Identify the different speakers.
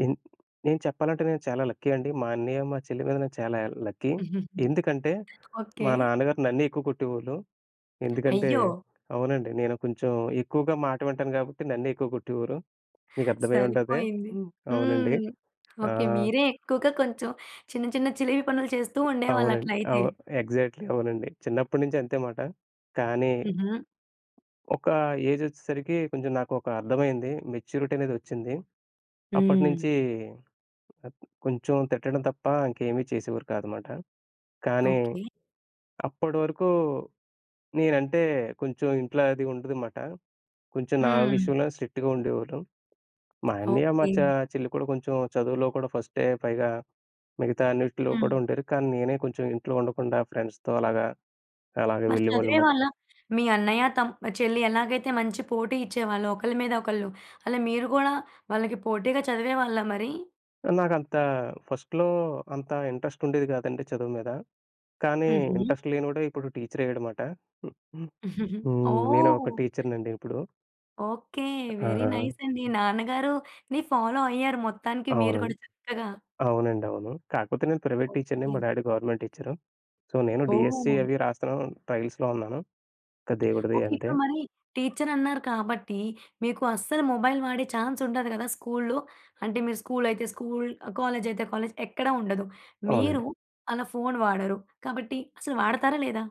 Speaker 1: నేన్ నేను చెప్పాలంటే నేను చాలా లక్కీ అండి. మా అన్నయ్య, మా చెల్లి మీద నేను చాలా లక్కీ. ఎందుకంటే,
Speaker 2: ఓకే.
Speaker 1: మా నాన్నగారు నన్నే ఎక్కువ కొట్టేవాళ్లు. ఎందుకంటే
Speaker 2: అయ్యో!
Speaker 1: అవునండి నేను కొంచెం ఎక్కువగా మాట వింటాను కాబట్టి నన్నే ఎక్కువ కొట్టేవారు. మీకు అర్థమై ఉంటది.
Speaker 2: సరిపోయింది.
Speaker 1: హ్మ్. అవునండి.
Speaker 2: హ్మ్. ఓకే.
Speaker 1: ఆహ్
Speaker 2: మీరే ఎక్కువగా కొంచెం చిన్న, చిన్న చిలిపి పనులు చేస్తూ ఉండేవాళ్ళు అట్లా
Speaker 1: అవునండి.
Speaker 2: అయితే.
Speaker 1: అవు ఎగ్జాక్ట్‌లి అవునండి. చిన్నప్పటినుంచి అంతే మాట. కానీ,
Speaker 2: హుహు.
Speaker 1: ఒక ఏజ్ ఒచ్చేసరికి కొంచెం నాకు ఒక అర్థమయింది. మెచ్యూరిటీ అనేది వచ్చింది.
Speaker 2: హ్మ్.
Speaker 1: అప్పటినుంచి కొంచెం తిట్టడం తప్ప ఇంకేమి చేసేవారు కాదన్నమాట. కానీ
Speaker 2: ఓకే.
Speaker 1: అప్పటివరకు నేనంటే కొంచెం ఇంట్లో అది ఉండదు అన్నమాట. కొంచెం నా
Speaker 2: హ్మ్.
Speaker 1: విషయంలోనే స్ట్రిక్ట్‌గా ఉండేవాళ్లు. మా అన్నయ్య మా
Speaker 2: ఓకే.
Speaker 1: చ చెల్లి కూడా కొంచెం చదువులో కూడా ఫస్టే, పైగా మిగతా అన్నిటిలో కూడా
Speaker 2: హ్మ్.
Speaker 1: ఉండేరు కానీ నేనే కొంచెం ఇంట్లో ఉండకుండా ఫ్రెండ్స్‌‌‌‌‌‌‌తో అలాగా, అలాగా
Speaker 2: మరి
Speaker 1: వెళ్ళేవాళ్ళు మాట.
Speaker 2: చదివేవాళ్ళా మీ అన్నయ్య, తమ్ చెల్లి ఎలాగైతే మంచి పోటీ ఇచ్చేవాళ్ళు ఒకళ్ళ మీద ఒకళ్ళు అలా మీరు గూడా వాళ్ళకి పోటీగా చదివేవాళ్ళా మరి?
Speaker 1: నాకంత ఫస్ట్‌లో అంత ఇంట్రెస్ట్ ఉండేది కాదండి చదువు మీద. కానీ
Speaker 2: హుహు.
Speaker 1: ఇంట్రెస్ట్ లేనోడే ఇప్పుడు టీచర్ అయ్యాడనమాట. హుహు. హ్మ్. నేను ఒక
Speaker 2: ఓహ్!
Speaker 1: టీచర్‌నండి ఇప్పుడు.
Speaker 2: ఓకే. వెరీ
Speaker 1: ఆ!
Speaker 2: నైస్ అండి. నాన్నగారు‌ని ఫాలో అయ్యారు మొత్తానికి మీరు
Speaker 1: అవునండి.
Speaker 2: కూడా చక్కగా.
Speaker 1: అవునండి. అవును. కాపోతే నేను ప్రైవేట్ టీచర్‌ని
Speaker 2: ఓకే.
Speaker 1: మా డ్యాడీ గవర్నమెంట్ టీచరు. సో, నేను డీఎస్సీ
Speaker 2: ఓహ్!
Speaker 1: అవి రాస్తున్నాను. ట్రైల్స్‌లో ఉన్నాను. ఇంకా దేవుడి దయ
Speaker 2: ఓకే.
Speaker 1: అంతే.
Speaker 2: ఇప్పుడు మరి టీచర్ అన్నారు కాబట్టి, మీకు అస్సలు మొబైల్ వాడే చాన్స్ ఉండదు కదా! స్కూల్లో. అంటే మీరు స్కూల్ అయితే స్కూల్. కాలేజ్ అయితే కాలేజ్. ఎక్కడ ఉండదు మీరు
Speaker 1: అవునండి.
Speaker 2: అలా ఫోన్ వాడరు. కాబట్టి అసలు వాడతారా? లేదా?